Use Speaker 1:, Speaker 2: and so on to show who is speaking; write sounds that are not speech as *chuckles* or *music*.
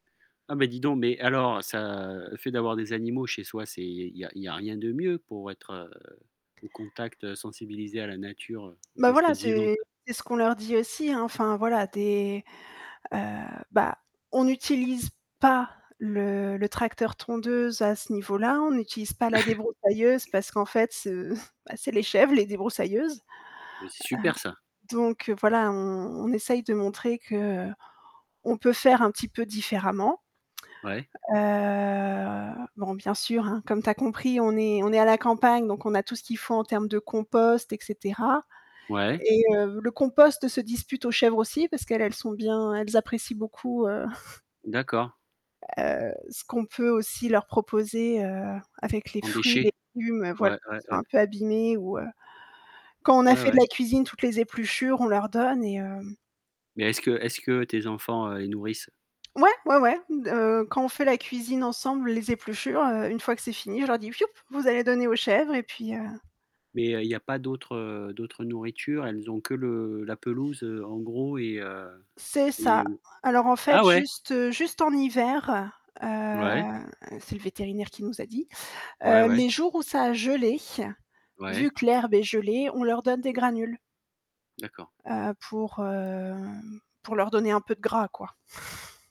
Speaker 1: Ah mais dis donc mais alors ça le fait d'avoir des animaux chez soi, c'est il y a il y a rien de mieux pour être, heu, au contact, heu, sensibilisé à la nature, aux
Speaker 2: Bah voilà,
Speaker 1: espèces vivantes.
Speaker 2: c'est c'est ce qu'on leur dit aussi hein, enfin voilà, des heu bah, on n'utilise pas le le tracteur tondeuse à ce niveau-là, on n'utilise pas la débroussailleuse
Speaker 1: *chuckles*
Speaker 2: parce qu'en fait, heu bah, c'est les chèvres, les débroussailleuses. Heu
Speaker 1: Bah c'est super ça.
Speaker 2: donc heu, voilà, on on essaye de montrer qu'on peut faire un petit peu différemment.
Speaker 1: Ouais.
Speaker 2: Heu, bon, bien sûr, hein, comme tu as compris, on est on est à la campagne, donc on a tout ce qu'il faut en termes de compost et cetera
Speaker 1: Ouais.
Speaker 2: et heu, le compost se dispute aux chèvres aussi parce qu'elles, elles sont bien elles apprécient beaucoup, heu *chuckles*
Speaker 1: D'accord.
Speaker 2: heu, ce qu'on peut aussi leur proposer, heu, avec les
Speaker 1: En
Speaker 2: fruits,
Speaker 1: déchets?
Speaker 2: les légumes, voilà,
Speaker 1: Ouais, ouais,
Speaker 2: qui sont
Speaker 1: ouais.
Speaker 2: un peu abîmés ou, heu, quand on a
Speaker 1: Ouais,
Speaker 2: fait de
Speaker 1: ouais.
Speaker 2: la cuisine toutes les épluchures, on leur donne et hem
Speaker 1: Mais est-ce que est-ce que tes enfants, heu, les nourrissent?
Speaker 2: Ouais, ouais, ouais d heu, quand on fait la cuisine ensemble, les épluchures, heu, une fois que c'est fini je leur dis: «Vous allez donner aux chèvres» et puis, heu
Speaker 1: Mais il y a il y a pas d'autre, heu, d'autre nourriture? Elles ont que le la pelouse, heu, en gros et heu
Speaker 2: C'est
Speaker 1: et
Speaker 2: ça.
Speaker 1: ou
Speaker 2: Alors en fait
Speaker 1: ah ouais?
Speaker 2: juste juste en hiver, heu,
Speaker 1: Mouais.
Speaker 2: c'est le vétérinaire qui nous a dit,
Speaker 1: Ouais,
Speaker 2: heu,
Speaker 1: ouais.
Speaker 2: les jours où ça a gelé, vu
Speaker 1: Ouais.
Speaker 2: que l'herbe est gelée, on leur donne des granules
Speaker 1: D'accord.
Speaker 2: heu, pour, hem, pour leur donner un peu de gras quoi. *chuckles*